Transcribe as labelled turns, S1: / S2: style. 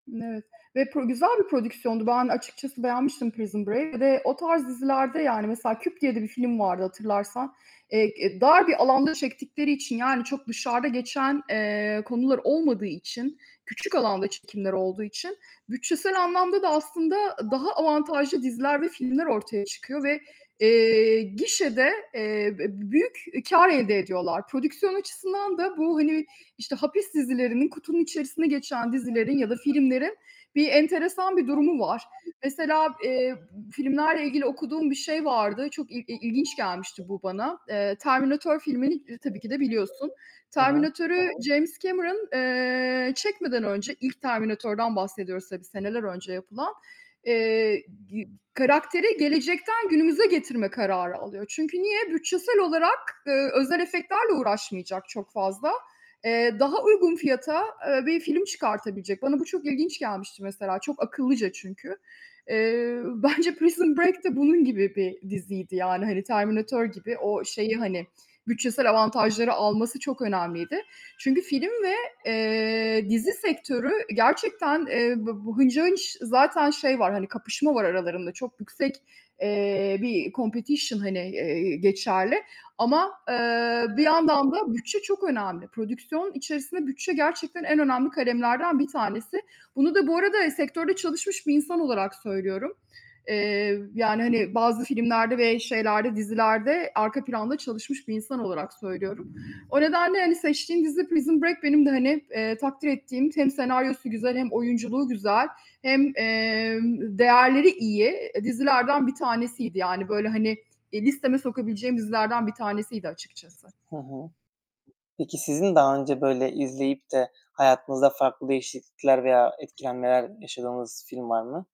S1: N evet ve pro güzel bir prodüksiyondu. Ben açıkçası beğenmiştim Prison Bra Bir de o tarz dizilerde, yani, mesela Küp diye de bir film vardı hatırlarsan. Eee, k e, dar bir alanda çektikleri için, yani, çok dışarıda geçen, eee, konular olmadığı için, küçük alanda çekimler olduğu için, bütçesel anlamda da aslında daha avantajlı diziler ve filmler ortaya çıkıyor ve, eee, gişede, eee, e b büyük kâr elde ediyorlar. Prodüksiyon açısından da bu, hani, işte, hapis dizilerinin, kutunun içerisinde geçen dizilerin ya da filmlerin bir enteresan bir durumu var. Mesela, eee, b filmlerle ilgili okuduğum bir şey vardı, çok il i ilginç gelmişti bu bana. Eee, Terminatör filmini ir tabii ki de biliyorsun.
S2: He he.
S1: Terminatör'ü James Cameron, eee, çekmeden önce ilk Terminatör'den bahsediyoruz tabii, seneler önce yapılan eee, gi karakteri gelecekten günümüze getirme kararı alıyor. Çünkü niye? Bütçesel olarak, eee, özel efektlerle uğraşmayacak çok fazla. Eee, daha uygun fiyata, eee, bir film çıkartabilecek. Bana bu çok ilginç gelmişti mesela, çok akıllıca çünkü. Eee, bence Prison Break de bunun gibi bir diziydi yani, hani Terminatör gibi o şeyi, hani, bütçesel avantajları alması çok önemliydi. Çünkü film ve, eee, dizi sektörü gerçekten, eee, b bu hınca hınç zaten şey var, hani kapışma var aralarında, çok yüksek, eee, bir competition, hani, eee, geçerli. Ama, ııı, bir yandan da bütçe çok önemli. Prodüksiyon içerisinde bütçe gerçekten en önemli kalemlerden bir tanesi. Bunu da bu arada sektörde çalışmış bir insan olarak söylüyorum. Eee, yani, hani, bazı filmlerde ve şeylerde, dizilerde arka planda çalışmış bir insan olarak söylüyorum. O nedenle, hani seçtiğin dizi Prison Break benim de, hani, eee, takdir ettiğim, hem senaryosu güzel hem oyunculuğu güzel hem, emm, değerleri iyi, e, dizilerden bir tanesiydi. Yani, böyle, hani, eee, listeme sokabileceğim dizilerden bir tanesiydi açıkçası.
S2: Hı hı. Peki, sizin daha önce, böyle, izleyip de hayatınızda farklı değişiklikler veya etkilenmeler yaşadığınız film var mı?